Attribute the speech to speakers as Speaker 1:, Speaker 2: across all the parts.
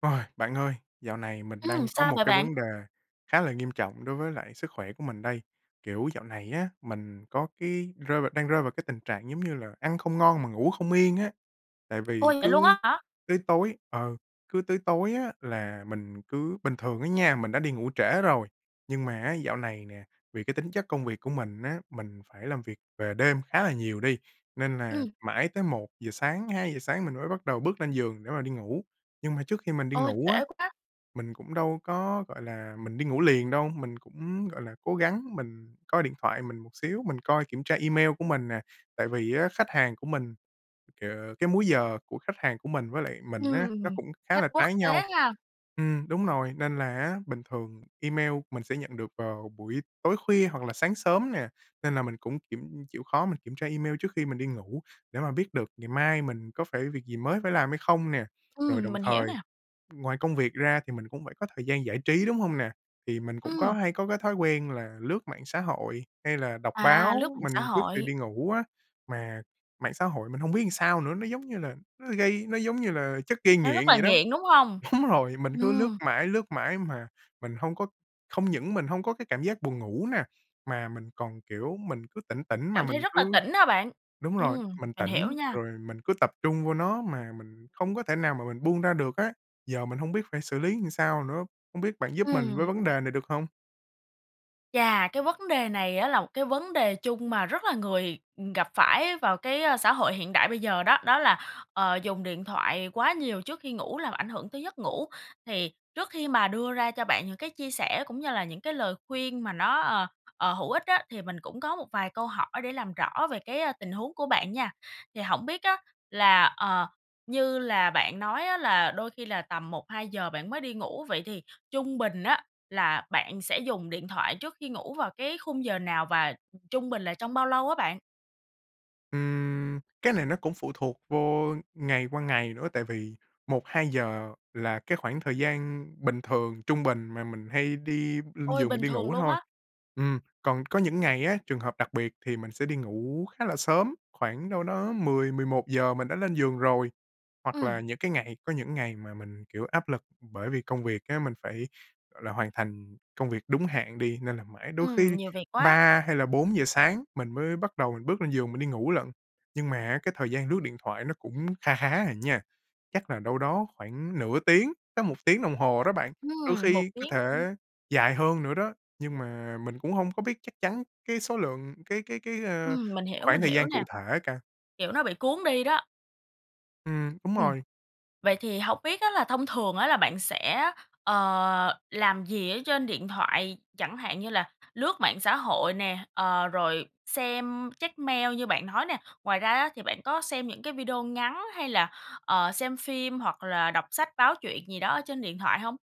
Speaker 1: Ôi, bạn ơi, dạo này mình
Speaker 2: Ừm,
Speaker 1: đang có
Speaker 2: sao
Speaker 1: một
Speaker 2: vậy
Speaker 1: cái
Speaker 2: bạn?
Speaker 1: vấn đề khá là nghiêm trọng đối với lại sức khỏe của mình đây. Kiểu, dạo này á, mình có cái rơi vào đang rơi vào cái tình trạng giống như là ăn không ngon mà ngủ không yên á. Tại vì
Speaker 2: Ôi! Vậy luôn
Speaker 1: cứ
Speaker 2: á hả?
Speaker 1: cứ tối ừ, cứ tới tối á, là mình cứ bình thường á nha, mình đã đi ngủ trễ rồi, nhưng mà á, dạo này nè, vì cái tính chất công việc của mình á, mình phải làm việc về đêm khá là nhiều đi, nên là
Speaker 2: Ừm.
Speaker 1: mãi tới 1:00 sáng, 2:00 sáng mình mới bắt đầu bước lên giường để mà đi ngủ. Nhưng mà trước khi mình đi
Speaker 2: Ôi,
Speaker 1: ngủ á,
Speaker 2: trễ quá.
Speaker 1: mình cũng đâu có, gọi là, mình đi ngủ liền đâu. Mình cũng, gọi là, cố gắng mình coi điện thoại mình một xíu, mình coi kiểm tra email của mình nè. Tại vì á, khách hàng của mình, kìa cái múi giờ của khách hàng của mình với lại mình á, nó
Speaker 2: Ừm,
Speaker 1: cũng khá
Speaker 2: khách
Speaker 1: là
Speaker 2: quốc
Speaker 1: trái nhau.
Speaker 2: tế ha.
Speaker 1: Ừm, đúng nồi. Nên là á, bình thường email mình sẽ nhận được vào buổi tối khuya hoặc là sáng sớm nè, nên là mình cũng kiểm chịu khó mình kiểm tra email trước khi mình đi ngủ để mà biết được ngày mai mình có phải việc gì mới phải làm hay không nè. Rồi
Speaker 2: Ừm,
Speaker 1: đồng
Speaker 2: mình hiểu
Speaker 1: thời
Speaker 2: nè.
Speaker 1: ngoài công việc ra thì mình cũng phải có thời gian giải trí, đúng hông nè? Thì mình cũng có
Speaker 2: Ừm.
Speaker 1: hay có cái thói quen là lướt mạng xã hội hay là đọc
Speaker 2: À, lướt
Speaker 1: báo,
Speaker 2: mạng xã
Speaker 1: mình trước khi
Speaker 2: hội.
Speaker 1: đi ngủ á. Mà mạng xã hội mình hông biết làm sao nữa, nó, giống như là, nó gây nó giống như là chất gây
Speaker 2: Nó
Speaker 1: nghiện
Speaker 2: rất là
Speaker 1: vậy đó.
Speaker 2: nghiện, đúng hông?
Speaker 1: Đúng rồi, mình cứ lướt
Speaker 2: Ừm.
Speaker 1: mãi, lướt mãi mà mình hông có hông những mình hông có cái cảm giác buồn ngủ nè, mà mình còn, kiểu, mình cứ tỉnh tỉnh mà
Speaker 2: Cảm thấy
Speaker 1: mình
Speaker 2: rất là
Speaker 1: cứ
Speaker 2: tỉnh ha bạn?
Speaker 1: đúng rồi,
Speaker 2: Ừm,
Speaker 1: mình
Speaker 2: mình hiểu
Speaker 1: tỉnh
Speaker 2: nha.
Speaker 1: rồi mình cứ tập trung vô nó mà mình không có thể nào mà mình buông ra được á. Giờ mình hông biết phải xử lý làm sao nữa, hông biết bạn giúp mình với
Speaker 2: Ừm.
Speaker 1: vấn đề này được hông?
Speaker 2: Chà, cái vấn đề này á là một cái vấn đề chung mà rất là người gặp phải vào cái, ơ, xã hội hiện đại bây giờ đó. Đó là, ờ, dùng điện thoại quá nhiều trước khi ngủ làm ảnh hưởng tới giấc ngủ. Thì trước khi mà đưa ra cho bạn những cái chia sẻ cũng như là những cái lời khuyên mà nó, ờ, ờ, hữu ích á, thì mình cũng có một vài câu hỏi để làm rõ về cái, ờ, tình huống của bạn nha. Thì hổng biết á, là, ờ, như là bạn nói á là đôi khi là tầm 1:00-2:00 bạn mới đi ngủ, vậy thì trung bình á là bạn sẽ dùng điện thoại trước khi ngủ vào cái khung giờ nào? Và trung bình là trong bao lâu á bạn?
Speaker 1: Ừm, cái này nó cũng phụ thuộc vô ngày qua ngày nữa, tại vì 1:00-2:00 là cái khoảng thời gian bình thường, trung bình mà mình hay đi lên
Speaker 2: Ôi,
Speaker 1: giường mình
Speaker 2: bình
Speaker 1: đi
Speaker 2: thường
Speaker 1: ngủ
Speaker 2: luôn
Speaker 1: thôi.
Speaker 2: á.
Speaker 1: Ừm, còn có những ngày á, trường hợp đặc biệt thì mình sẽ đi ngủ khá là sớm, khoảng đâu đó 10:00-11:00 mình đã lên giường rồi. Hoặc là
Speaker 2: Ừm.
Speaker 1: những cái ngày có những ngày mà mình, kiểu, áp lực bởi vì công việc á, mình phải, gọi là, hoàn thành công việc đúng hạn đi, nên là mãi đôi
Speaker 2: Ừm,
Speaker 1: khi đi
Speaker 2: nhiều việc quá.
Speaker 1: 3 hay là 4:00 sáng mình mới bắt đầu mình bước lên giường mình đi ngủ lận. Nhưng mà á, cái thời gian lướt điện thoại nó cũng kha khá à nha, chắc là đâu đó khoảng nửa tiếng, chắc 1 tiếng đồng hồ đó bạn, đôi
Speaker 2: Ừm, 1
Speaker 1: khi có
Speaker 2: tiếng. Ừm.
Speaker 1: thể dài hơn nữa đó. Nhưng mà mình cũng hông có biết chắc chắn cái số lượng cái cái cái, ờ,
Speaker 2: Ừm, mình hiểu,
Speaker 1: khoảng
Speaker 2: mình
Speaker 1: thời
Speaker 2: hiểu
Speaker 1: gian
Speaker 2: nè.
Speaker 1: cụ thể cà.
Speaker 2: Kiểu nó bị cuốn đi đó.
Speaker 1: Ừm, đúng
Speaker 2: Ừm.
Speaker 1: rồi.
Speaker 2: Vậy thì hông biết á là thông thường á là bạn sẽ, ờ, làm gì ở trên điện thoại? Chẳng hạn như là lướt mạng xã hội nè, ờ, rồi xem, check mail như bạn nói nè. Ngoài ra á thì bạn có xem những cái video ngắn hay là, ờ, xem phim hoặc là đọc sách báo, truyện gì đó ở trên điện thoại hông?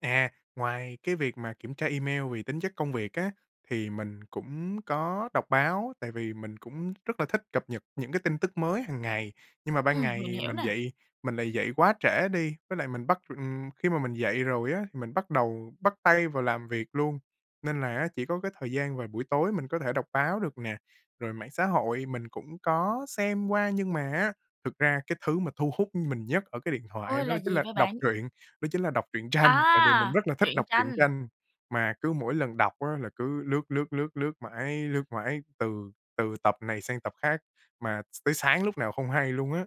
Speaker 1: À, ngoài cái việc mà kiểm tra email vì tính chất công việc á, thì mình cũng có đọc báo, tại vì mình cũng rất là thích cập nhật những cái tin tức mới hàng ngày. Nhưng mà ban
Speaker 2: Ừm, mình
Speaker 1: ngày
Speaker 2: hiểu
Speaker 1: mình
Speaker 2: nè.
Speaker 1: dậy mình lại dậy quá trễ đi, với lại mình bắt, ừm khi mà mình dậy rồi á thì mình bắt đầu bắt tay vào làm việc luôn, nên là chỉ có cái thời gian vào buổi tối mình có thể đọc báo được nè, rồi mạng xã hội mình cũng có xem qua. Nhưng mà á, thực ra cái thứ mà thu hút mình nhất ở cái điện thoại
Speaker 2: Ôi!
Speaker 1: đó
Speaker 2: Là
Speaker 1: chính
Speaker 2: gì
Speaker 1: là
Speaker 2: vậy
Speaker 1: đọc
Speaker 2: bạn?
Speaker 1: truyện, đó chính là đọc truyện tranh, tại vì mình
Speaker 2: À,
Speaker 1: rất là thích
Speaker 2: truyện
Speaker 1: đọc truyện
Speaker 2: tranh.
Speaker 1: tranh. Mà cứ mỗi lần đọc á là cứ lướt, lướt, lướt, lướt mãi, lướt mãi, từ từ tập này sang tập khác mà tới sáng lúc nào không hay luôn á.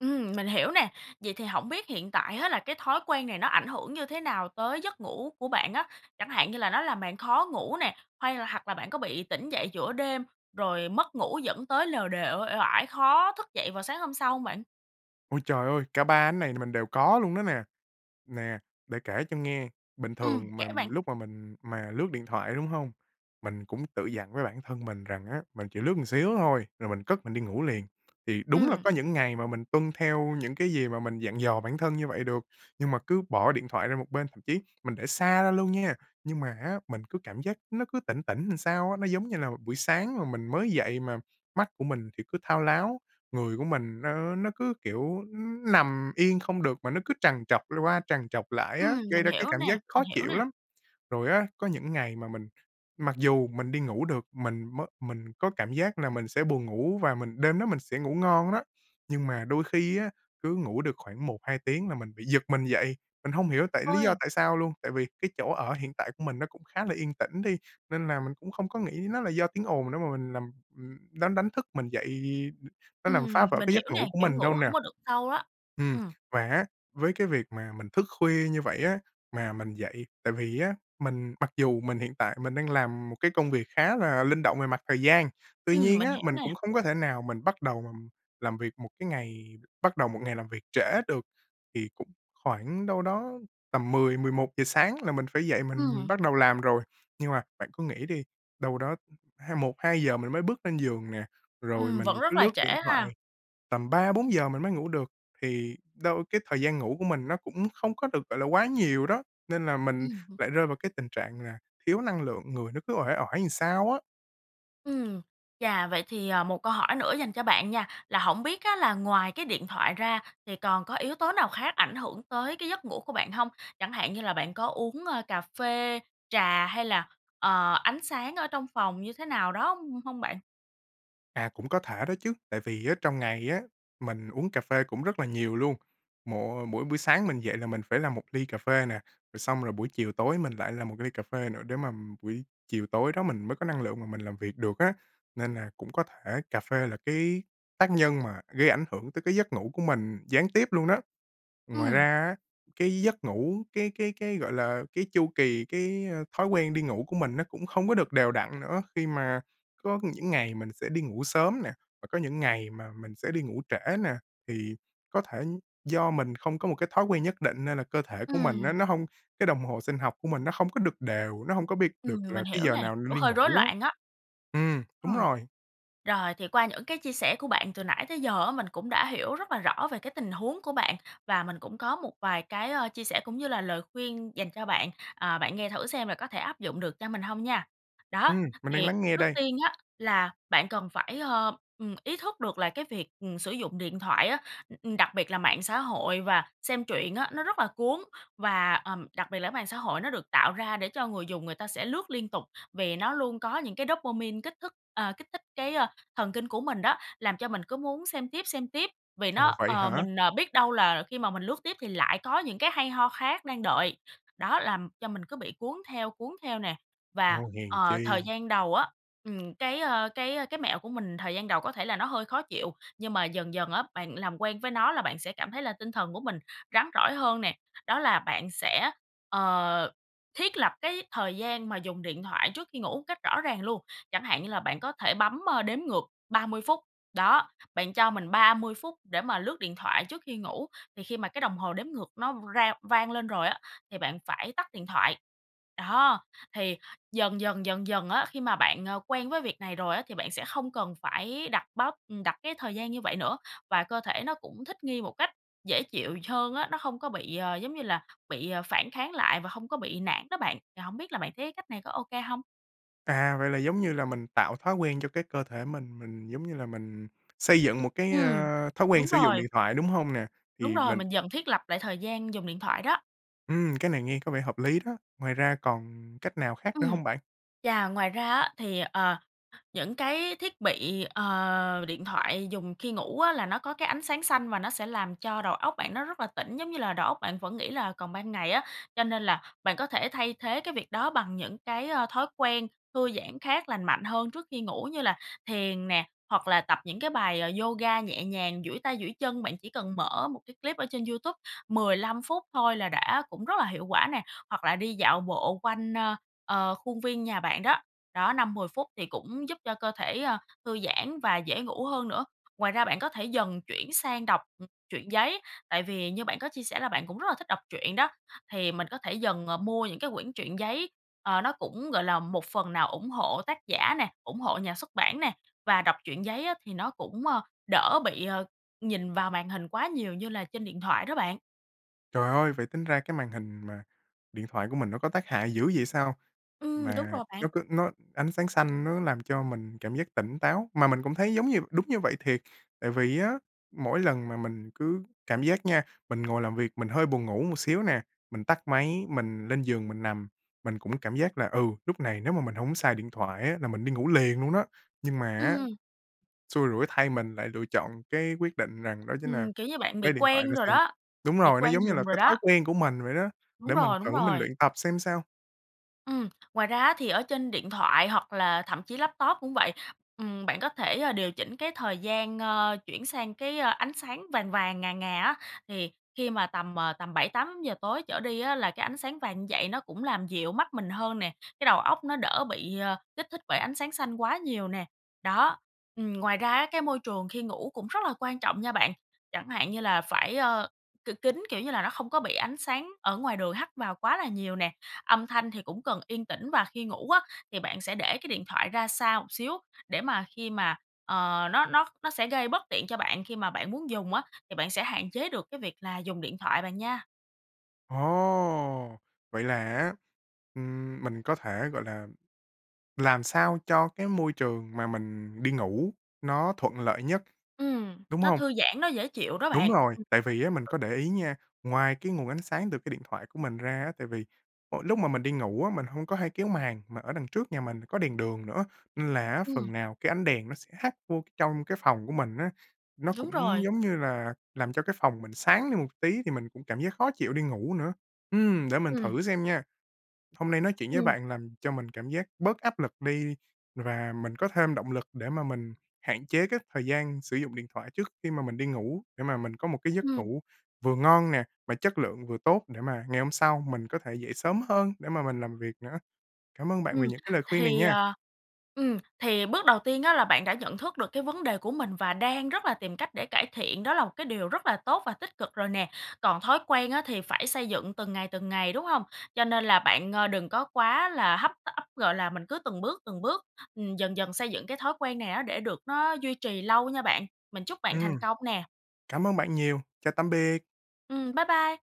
Speaker 2: Ừm, mình hiểu nè. Vậy thì hổng biết hiện tại á, là cái thói quen này nó ảnh hưởng như thế nào tới giấc ngủ của bạn á? Chẳng hạn như là nó làm bạn khó ngủ nè, hay là hoặc là bạn có bị tỉnh dậy giữa đêm rồi mất ngủ dẫn tới lều đều, uể uể oải, khó thức dậy vào sáng hôm sau hông bạn?
Speaker 1: Ôi trời ơi. Cả ba ánh này thì mình đều có luôn đó nè. Nè, để kể cho nghe, bình
Speaker 2: Ừm,
Speaker 1: thường
Speaker 2: kể
Speaker 1: mà
Speaker 2: bạn.
Speaker 1: lúc mà mình mà lướt điện thoại, đúng hông? Mình cũng tự dặn với bản thân mình rằng á, mình chỉ lướt một xíu thôi rồi mình cất mình đi ngủ liền. Thì đúng là
Speaker 2: Ừm.
Speaker 1: có những ngày mà mình tuân theo những cái gì mà mình dặn dò bản thân như vậy được, nhưng mà cứ bỏ điện thoại ra một bên, thậm chí mình để xa ra luôn nha, nhưng mà á, mình cứ cảm giác nó cứ tỉnh tỉnh làm sao á. Nó giống như là buổi sáng mà mình mới dậy mà mắt của mình thì cứ thao láo, người của mình nó nó cứ, kiểu, ư, nằm yên không được, mà nó cứ trằn trọc l qua trằn trọc lại á,
Speaker 2: Ừm,
Speaker 1: gây
Speaker 2: mình
Speaker 1: ra cái
Speaker 2: hiểu
Speaker 1: cảm
Speaker 2: nè,
Speaker 1: giác
Speaker 2: mình
Speaker 1: khó
Speaker 2: hiểu
Speaker 1: chịu
Speaker 2: nè.
Speaker 1: lắm. Rồi á, có những ngày mà mình mặc dù mình đi ngủ được, mình mới mình có cảm giác là mình sẽ buồn ngủ và mình đêm đó mình sẽ ngủ ngon [unintelligible] nhưng mà đôi khi á, cứ ngủ được khoảng 1, 2 tiếng là mình bị giật mình dậy, mình hông hiểu tại lý do
Speaker 2: Ôi.
Speaker 1: tại sao luôn. Tại vì cái chỗ ở hiện tại của mình nó cũng khá là yên tĩnh đi, nên là mình cũng không có nghĩ nó là do tiếng ồn nữa, mà mình nằm ừm, đánh đánh thức mình dậy, ưm, nó làm phá
Speaker 2: Ừm,
Speaker 1: vỡ
Speaker 2: mình
Speaker 1: cái
Speaker 2: hiểu
Speaker 1: giấc
Speaker 2: nè,
Speaker 1: ngủ của
Speaker 2: kiểu,
Speaker 1: mình đâu
Speaker 2: ngủ
Speaker 1: nè.
Speaker 2: hổng có được sâu á.
Speaker 1: Ừm.
Speaker 2: Ừm.
Speaker 1: Và á, với cái việc mà mình thức khuya như vậy á, mà mình dậy tại vì á, mình mặc dù mình hiện tại mình đang làm một cái công việc khá là linh động về mặt thời gian. Tuy
Speaker 2: Ừm,
Speaker 1: nhiên
Speaker 2: mình
Speaker 1: á,
Speaker 2: hiểu
Speaker 1: mình
Speaker 2: nè.
Speaker 1: cũng không có thể nào mình bắt đầu mà làm việc một cái ngày bắt đầu một ngày làm việc trễ được, thì cũng khoảng đâu đó tầm 10, 11 giờ sáng là mình phải dậy mình
Speaker 2: Ừm.
Speaker 1: bắt đầu làm rồi. Nhưng mà bạn cứ nghĩ đi, đâu đó hai 1, 2 giờ mình mới bước lên giường nè, rồi
Speaker 2: Ừm, vẫn
Speaker 1: mình
Speaker 2: rất
Speaker 1: cứ
Speaker 2: là
Speaker 1: lướt
Speaker 2: trễ
Speaker 1: điện thoại,
Speaker 2: ha.
Speaker 1: tầm 3, 4 giờ mình mới ngủ được thì đâu cái thời gian ngủ của mình nó cũng không có được, gọi là, quá nhiều đó, nên là mình
Speaker 2: Ừm hưm.
Speaker 1: lại rơi vào cái tình trạng là thiếu năng lượng, người nó cứ uể oải làm sao á.
Speaker 2: Ừm. Chà, vậy thì, à, một câu hỏi nữa dành cho bạn nha, là hổng biết á, là ngoài cái điện thoại ra, thì còn có yếu tố nào khác ảnh hưởng tới cái giấc ngủ của bạn hông? Chẳng hạn như là bạn có uống, a, cà phê, trà hay là, ờ, ánh sáng ở trong phòng như thế nào đó hông hông bạn?
Speaker 1: À, cũng có thể đó chứ, tại vì á, trong ngày á, mình uống cà phê cũng rất là nhiều luôn. Mỗi mỗi buổi sáng mình dậy là mình phải làm 1 ly cà phê nè, rồi xong rồi buổi chiều tối mình lại làm 1 ly cà phê nữa, để mà buổi chiều tối đó mình mới có năng lượng mình làm việc được á. Nên là cũng có thể cà phê là cái tác nhân mà gây ảnh hưởng tới cái giấc ngủ của mình gián tiếp luôn đó. Ngoài
Speaker 2: Ừm.
Speaker 1: ra á, cái giấc ngủ, cái cái cái, gọi là, cái chu kỳ, cái, a, thói quen đi ngủ của mình nó cũng không có được đều đặn nữa, khi mà có những ngày mình sẽ đi ngủ sớm nè, và có những ngày mà mình sẽ đi ngủ trễ nè. Thì có thể do mình không có một cái thói quen nhất định nên là cơ thể của mình á,
Speaker 2: Ừm.
Speaker 1: nó hông cái đồng hồ sinh học của mình nó hông có được đều, nó hông có biết được
Speaker 2: Ừm,
Speaker 1: là
Speaker 2: mình
Speaker 1: cái
Speaker 2: hiểu
Speaker 1: giờ
Speaker 2: nè,
Speaker 1: nào nên
Speaker 2: kiểu,
Speaker 1: đi
Speaker 2: hơi rối
Speaker 1: ngủ á.
Speaker 2: loạn á.
Speaker 1: Ừm, đúng
Speaker 2: Ừm.
Speaker 1: rồi.
Speaker 2: Rồi thì qua những cái chia sẻ của bạn từ nãy tới giờ á, mình cũng đã hiểu rất là rõ về cái tình huống của bạn và mình cũng có một vài cái, ơ, chia sẻ cũng như là lời khuyên dành cho bạn, à, bạn nghe thử xem là có thể áp dụng được cho mình hông nha. Đó,
Speaker 1: Ừm, mình đang
Speaker 2: thì
Speaker 1: lắng nghe
Speaker 2: trước
Speaker 1: đây.
Speaker 2: tiên á, là bạn cần phải, ờ, ừm, ý thức được là cái việc, ừm, sử dụng điện thoại á, ừm, ừm, đặc biệt là mạng xã hội và xem truyện á, nó rất là cuốn và, ờm, đặc biệt là cái mạng xã hội nó được tạo ra để cho người dùng người ta sẽ lướt liên tục. Vì nó luôn có những cái dopamine kích thức à, kích thích cái, a, thần kinh của mình đó, làm cho mình cứ muốn xem tiếp, xem tiếp vì
Speaker 1: Ồ,
Speaker 2: nó
Speaker 1: vậy
Speaker 2: ờ,
Speaker 1: hả?
Speaker 2: mình, à, biết đâu là khi mà mình lướt tiếp thì lại có những cái hay ho khác đang đợi, đó, làm cho mình cứ bị cuốn theo, cuốn theo nè. Và,
Speaker 1: Ồ, hèn
Speaker 2: ờ, thời
Speaker 1: chi.
Speaker 2: gian đầu á, ừm, cái, ơ, cái, ơ, cái mẹo của mình thời gian đầu có thể là nó hơi khó chịu, nhưng mà dần dần á bạn làm quen với nó là bạn sẽ cảm thấy là tinh thần của mình rắn rỏi hơn nè. Đó là bạn sẽ, ờ, thiết lập cái thời gian mà dùng điện thoại trước khi ngủ cách rõ ràng luôn, chẳng hạn như là bạn có thể bấm, a, đếm ngược 30 phút, đó, bạn cho mình 30 phút để mà lướt điện thoại trước khi ngủ. Thì khi mà cái đồng hồ đếm ngược nó rao vang lên rồi á, thì bạn phải tắt điện thoại, đó, thì dần, dần dần dần á, khi mà bạn, à, quen với việc này rồi á, thì bạn sẽ không cần phải đặt báo ừm, đặt cái thời gian như vậy nữa. Và cơ thể nó cũng thích nghi một cách dễ chịu hơn á, nó hông có bị, ờ, giống như là, bị, à, phản kháng lại và hông có bị nản đó bạn. Thì hổng biết là bạn thấy cách này có OK hông?
Speaker 1: À, vậy là giống như là mình tạo thói quen cho cái cơ thể mình. Mình giống như là mình xây dựng một cái,
Speaker 2: Ừm,
Speaker 1: ờ, thói quen
Speaker 2: đúng
Speaker 1: sử dụng
Speaker 2: rồi.
Speaker 1: điện thoại, đúng hông nè?
Speaker 2: Đúng
Speaker 1: Thì
Speaker 2: rồi,
Speaker 1: mình
Speaker 2: mình dần thiết lập lại thời gian dùng điện thoại đó.
Speaker 1: Ừm, cái này nghe có vẻ hợp lý đó. Ngoài ra còn cách nào khác nữa
Speaker 2: Ừm.
Speaker 1: hông bạn?
Speaker 2: Chà, ngoài ra á, thì, ờ, những cái thiết bị, ờ, điện thoại dùng khi ngủ á, là nó có cái ánh sáng xanh và nó sẽ làm cho đầu óc bạn nó rất là tỉnh, giống như là đầu óc bạn vẫn nghĩ là còn ban ngày á. Cho nên là bạn có thể thay thế cái việc đó bằng những cái, ơ, thói quen thư giãn khác lành mạnh hơn trước khi ngủ như là thiền nè, hoặc là tập những cái bài, ờ, yoga nhẹ nhàng, duỗi tay duỗi chân. Bạn chỉ cần mở một cái clip ở trên YouTube 15 phút thôi là đã cũng rất là hiệu quả nè. Hoặc là đi dạo bộ quanh, ơ, ờ, khuôn viên nhà bạn đó, đó, 5-10 phút thì cũng giúp cho cơ thể, ơ, thư giãn và dễ ngủ hơn nữa. Ngoài ra, bạn có thể dần chuyển sang đọc, ừm, truyện giấy, tại vì như bạn có chia sẻ là bạn cũng rất là thích đọc truyện đó. Thì mình có thể dần, ờ, mua những cái quyển truyện giấy, ờ, nó cũng, gọi là, một phần nào ủng hộ tác giả nè, ủng hộ nhà xuất bản nè, và đọc truyện giấy á, thì nó cũng, ờ, đỡ bị, ờ, nhìn vào màn hình quá nhiều như là trên điện thoại đó bạn.
Speaker 1: Trời ơi, vậy tính ra cái màn hình mà điện thoại của mình nó có tác hại dữ vậy sao,
Speaker 2: Ừm, đúng
Speaker 1: mà
Speaker 2: rồi bạn.
Speaker 1: nó cứ nó ánh sáng xanh nó làm cho mình cảm giác tỉnh táo. Mà mình cũng thấy giống như đúng như vậy thiệt! Tại vì á, mỗi lần mà mình cứ cảm giác nha, mình ngồi làm việc mình hơi buồn ngủ một xíu nè, mình tắt máy, mình lên giường mình nằm, mình cũng cảm giác là, ừ, lúc này nếu mà mình hổng xài điện thoại á, là mình đi ngủ liền luôn đó. Nhưng mà á,
Speaker 2: Ừm.
Speaker 1: xui rủi thay mình lại lựa chọn cái quyết định rằng đó chính là
Speaker 2: Ừm, kiểu như bạn bị
Speaker 1: lấy điện thoại
Speaker 2: quen
Speaker 1: ra
Speaker 2: rồi
Speaker 1: xem.
Speaker 2: đó,
Speaker 1: Đúng
Speaker 2: bị
Speaker 1: rồi, nó
Speaker 2: quen
Speaker 1: giống như là
Speaker 2: dùng rồi
Speaker 1: cái thói
Speaker 2: đó.
Speaker 1: quen của mình vậy đó,
Speaker 2: Đúng
Speaker 1: để mình
Speaker 2: rồi, đúng
Speaker 1: thử mình
Speaker 2: rồi.
Speaker 1: luyện tập xem sao.
Speaker 2: Ừm. Ngoài ra á, thì ở trên điện thoại hoặc là thậm chí laptop cũng vậy, ừm, bạn có thể, ơ, điều chỉnh cái thời gian, ơ, chuyển sang cái, ơ, ánh sáng vàng vàng, ngà ngà á. Thì khi mà tầm, ờ, tầm 7:00-8:00 tối trở đi á, là cái ánh sáng vàng như vậy nó cũng làm dịu mắt mình hơn nè, cái đầu óc nó đỡ bị, ờ, kích thích bởi ánh sáng xanh quá nhiều nè. Đó. Ừm, ngoài ra á, cái môi trường khi ngủ cũng rất là quan trọng nha bạn. Chẳng hạn như là phải, ơ, k kín, kiểu như là nó không có bị ánh sáng ở ngoài đường hắt vào quá là nhiều nè. Âm thanh thì cũng cần yên tĩnh, và khi ngủ á, thì bạn sẽ để cái điện thoại ra xa một xíu để mà khi mà, ờ, nó nó nó sẽ gây bất tiện cho bạn khi mà bạn muốn dùng á, thì bạn sẽ hạn chế được cái việc là dùng điện thoại, bạn nha.
Speaker 1: Ồ! Vậy là á, ừm, mình có thể, gọi là, làm sao cho cái môi trường mà mình đi ngủ nó thuận lợi nhất,
Speaker 2: Ừm,
Speaker 1: đúng
Speaker 2: nó
Speaker 1: hông?
Speaker 2: thư giãn, nó dễ chịu đó
Speaker 1: Đúng
Speaker 2: bạn.
Speaker 1: rồi.
Speaker 2: Ừm.
Speaker 1: Tại vì á, mình có để ý nha, ngoài cái nguồn ánh sáng từ cái điện thoại của mình ra á, tại vì, ờ, lúc mà mình đi ngủ á, mình hông có hay kéo màn, mà ở đằng trước nhà mình có đèn đường nữa, nên là á,
Speaker 2: Ừm.
Speaker 1: phần nào cái ánh đèn nó sẽ hắt vô c trong cái phòng của mình á. Nó
Speaker 2: Đúng
Speaker 1: cũng,
Speaker 2: rồi.
Speaker 1: giống như là, làm cho cái phòng mình sáng đi một tí thì mình cũng cảm giác khó chịu đi ngủ nữa. Ừm, để mình
Speaker 2: Ừm.
Speaker 1: thử xem nha. Hôm nay nói chuyện với
Speaker 2: Ừm.
Speaker 1: bạn làm cho mình cảm giác bớt áp lực đi, và mình có thêm động lực để mà mình hạn chế cái thời gian sử dụng điện thoại trước khi mà mình đi ngủ. Để mà mình có một cái giấc
Speaker 2: Ừm.
Speaker 1: ngủ vừa ngon nè, mà chất lượng vừa tốt, để mà ngày hôm sau mình có thể dậy sớm hơn để mà mình làm việc nữa. Cảm ơn bạn vì
Speaker 2: Ừm.
Speaker 1: những cái lời khuyên này
Speaker 2: Thì,
Speaker 1: nha.
Speaker 2: ờ ừm, thì bước đầu tiên á là bạn đã nhận thức được cái vấn đề của mình và đang rất là tìm cách để cải thiện, đó là một cái điều rất là tốt và tích cực rồi nè. Còn thói quen á, thì phải xây dựng từng ngày, từng ngày, đúng hông? Cho nên là bạn, ờ, đừng có quá là hấp tấp, gọi là, mình cứ từng bước, từng bước, ừm, dần dần xây dựng cái thói quen này á, để được nó duy trì lâu nha bạn. Mình chúc bạn thành
Speaker 1: Ừm.
Speaker 2: công nè.
Speaker 1: Cảm ơn bạn nhiều. Chào tạm biệt.
Speaker 2: Ừm, bye bye.